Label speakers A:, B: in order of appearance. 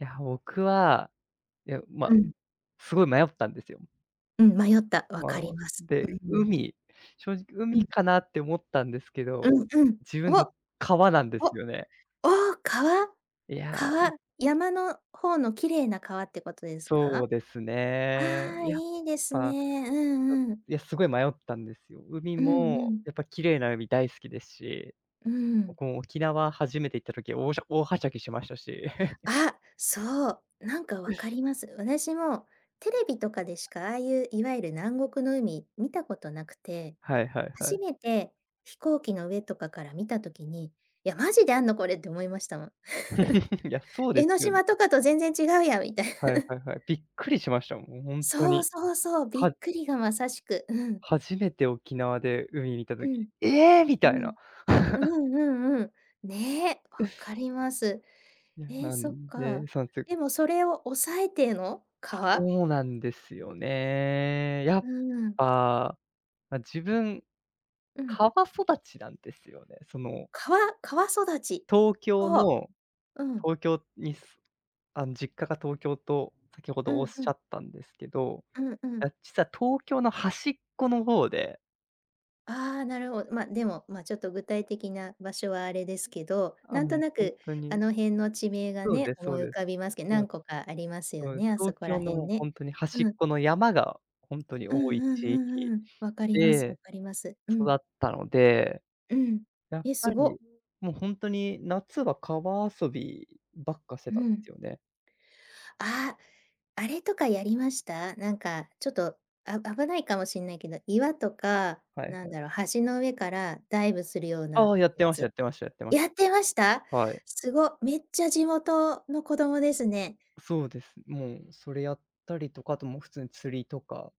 A: いや、僕は、いや、ま、
B: うん。
A: すごい迷ったんですよ。
B: うん、迷った、わ
A: ま
B: かり
A: あ、
B: ます。う
A: で、
B: ん。
A: 海正直
B: う
A: 海
B: ん。
A: かなって思ったんですけ
B: う
A: ど、
B: んうん、
A: 自分
B: お。
A: の川なんで
B: お、
A: すよね。
B: おお、川。
A: いや。
B: 川。山の方の綺麗な川ってことですか？
A: そうです
B: あ
A: ね、
B: あ、
A: やっ
B: いいです
A: ぱ、
B: ね。う
A: ちょ
B: んうん。
A: いやすごい迷ったんですよ。海
B: うんう
A: も
B: ん。
A: やっぱ綺麗な海大好きですし、
B: うー
A: ぼ
B: ん。
A: くもう、沖縄初めて行った時、おおし大はしゃぎしましたし。
B: あ、そう、なんか分か ります。私もテレビとかでしかああいういわゆる南国の海見たことなくて、
A: はいはいは
B: 初
A: い。
B: めて飛行機の上とかから見た時に、「いや、マジであるのこれ」って思いましたもん。
A: いや、そう
B: 江
A: で
B: ノ
A: すよね。
B: 島とかと全然違うやんみたい
A: はい
B: な。
A: はいはい。びっくりしました。もう本当
B: そう
A: に。
B: そうそう、びっ
A: は
B: くりがまさしく。うん。
A: 初めて沖縄で海見た
B: う
A: 時、
B: ん。
A: 「ええ！」み
B: う
A: たいな。
B: ん。う んうんうん。ねえ、わか ります。
A: いや、
B: ええ、
A: な
B: そっ
A: んで、
B: か。
A: そうつ
B: で
A: く
B: もそれを抑えての、川？
A: そうなんですよね。や
B: う
A: っ
B: ん。
A: ぱ、ま、自分、
B: うん。
A: 川育ちなんですよね。その。
B: 川川育ち。
A: 東京
B: ほう。
A: の
B: うん。
A: 東京にすあの、実家が東京と先ほ
B: う
A: どおっ
B: ん
A: し
B: うん。
A: ゃったんですけど、
B: うんうん。
A: あ、実は東京の端っこの方で。
B: ああ、なるほど。ま、でもまちょっと具体的な場所はあれですけど、
A: あ、
B: なんと
A: もう
B: な
A: 本
B: く
A: 当
B: あ
A: に。
B: の辺の地名が
A: そう
B: ね、
A: です、
B: 思
A: そう
B: い浮
A: です。
B: かびますけど、
A: そう
B: 何
A: です。
B: 個かあります
A: そ
B: よ
A: うです。
B: ね、あそ
A: 東
B: こら
A: 京
B: 辺
A: の
B: ね。
A: 本当に端っ
B: うん。
A: この山が本当に
B: うん
A: 多い
B: うん
A: 地域
B: うんうん。分かります、分
A: で、
B: かります。う
A: 育
B: ん。
A: ったので、
B: うん。
A: やっ
B: え、す
A: ぱ
B: ご。
A: り、もう本当に夏は川遊びばっかして
B: う
A: たんで
B: ん。
A: すよね。
B: ああ、あれとかやりました。なんかちょっと、あ危ないかもしれないけど、岩とか、
A: はい
B: なん
A: はい。
B: だろう、橋の上からダイブするような
A: ああ、やっ
B: や
A: てましたや
B: つ。
A: ってましたやってまし
B: やってました？
A: た。はい。
B: すご、めっちゃ地元の子供ですね。
A: そうです、もう、それやったりとか、あともう普通に釣りとか。